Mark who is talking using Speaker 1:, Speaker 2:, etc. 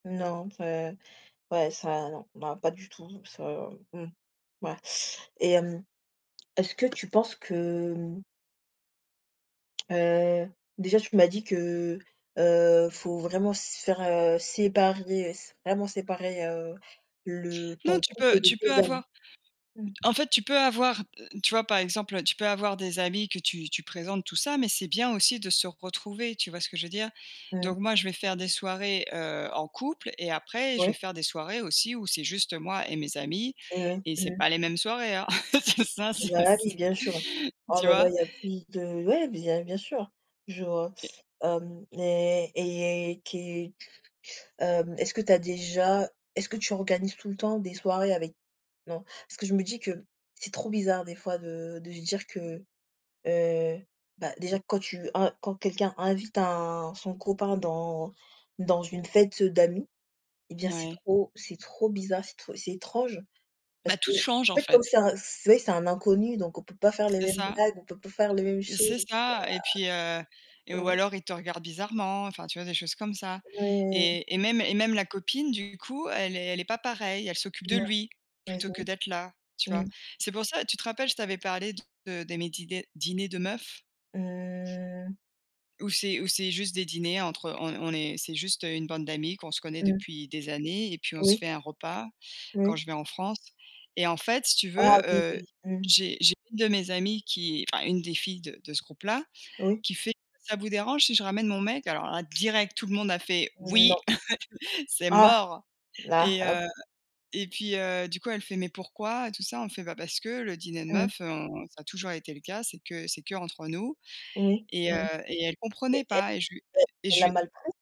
Speaker 1: Non, enfin, ouais, ça, non, non, pas du tout, ça, mmh, voilà, et hem, est-ce que tu penses que mmh heu, déjà, tu m'as dit que, heu, faut vraiment se faire, heu, séparer, s vraiment séparer, heu, le
Speaker 2: Non,
Speaker 1: ton
Speaker 2: tu
Speaker 1: couple,
Speaker 2: peux
Speaker 1: de
Speaker 2: tu peux
Speaker 1: tes amis?
Speaker 2: avoir,
Speaker 1: Mmh.
Speaker 2: en fait, tu peux avoir l tu vois? Par exemple, heu, tu peux avoir des amis que tu tu présentes, tout ça, mais c'est bien aussi de se retrouver, tu vois ce que je veux dire?
Speaker 1: Mmh.
Speaker 2: Donc moi, je vais faire des soirées, heu, en couple et après je
Speaker 1: Oui.
Speaker 2: vais faire des soirées aussi où c'est juste moi et mes amis
Speaker 1: Eh ouais.
Speaker 2: et c'est
Speaker 1: Mmh mh.
Speaker 2: pas les mêmes soirées, hein, ça c'est
Speaker 1: Bah,
Speaker 2: s
Speaker 1: oui, bien sûr. Oh
Speaker 2: tu
Speaker 1: là là,
Speaker 2: vois?
Speaker 1: il y a plus de ouais, bien bien sûr. Je,
Speaker 2: Et
Speaker 1: hem, mais et qué hem, est-ce que tu as déjà est-ce que tu organises tout le temps des soirées avec non? Parce que je me dis que c'est trop bizarre des fois de de se dire que, heu, bah, déjà quand tu un, quand quelqu'un invite un son copain dans dans une fête d'amis, eh bien, c'est
Speaker 2: Ouais.
Speaker 1: trop c'est trop bizarre, c'est tr c'est étrange parce
Speaker 2: Bah,
Speaker 1: qu'en
Speaker 2: toutes changent, en
Speaker 1: fait, comme
Speaker 2: fait.
Speaker 1: c'est un c'est vrai que c'est un inconnu, donc on peut pas faire les
Speaker 2: C'est
Speaker 1: mêmes
Speaker 2: ça
Speaker 1: blagues, on peut pas faire les mêmes choses.
Speaker 2: c'est ça, et puis, heu, et
Speaker 1: Ouah!
Speaker 2: ou
Speaker 1: Mmh.
Speaker 2: alors, ils te regardent bizarrement, enfin, tu vois? Des choses comme ça,
Speaker 1: Ouais.
Speaker 2: et et même et même la copine, du coup, elle est elle est pas pareille, elle s'occupe de
Speaker 1: Non.
Speaker 2: lui,
Speaker 1: Tu as
Speaker 2: plutôt
Speaker 1: essayé?
Speaker 2: que d'être là, tu vois?
Speaker 1: Mmh.
Speaker 2: C'est pour ça, tu te rappelles, je t'avais parlé de de mes dîders dîners de meufs
Speaker 1: Mmh.
Speaker 2: où c'est où c'est juste des dîners entre on on est c'est juste une bande d'amies qu'on se connaît
Speaker 1: Mmh.
Speaker 2: depuis des années et puis on se
Speaker 1: Oui.
Speaker 2: fait un repas quand
Speaker 1: Oui.
Speaker 2: je vais en France et en fait, si tu
Speaker 1: Ah,
Speaker 2: veux,
Speaker 1: oui,
Speaker 2: heu,
Speaker 1: oui. Mmh.
Speaker 2: j'ai j'ai une de mes amies qui enfin, une des filles de de ce groupe-là
Speaker 1: Oui.
Speaker 2: qui fait: «Ça vous dérange si je ramène mon mec?», alors là, direct, tout le monde a fait:
Speaker 1: Mmh,
Speaker 2: «Oui!
Speaker 1: non.
Speaker 2: C'est
Speaker 1: Ah!
Speaker 2: mort!»
Speaker 1: Là,
Speaker 2: et heu,
Speaker 1: OK.
Speaker 2: et puis, heu, du coup, elle fait: «Mais pourquoi?», et tout ça, on fait: «Bah, parce que le dîner de
Speaker 1: Mmh.
Speaker 2: meufs, on ça a toujours été le cas, c'est que c'est que entre nous»
Speaker 1: Oui.
Speaker 2: et
Speaker 1: Mmh
Speaker 2: heu,
Speaker 1: mh
Speaker 2: et elle comprenait
Speaker 1: et é é
Speaker 2: pas et je lui et
Speaker 1: elle
Speaker 2: je
Speaker 1: l'a
Speaker 2: lui
Speaker 1: mal pris?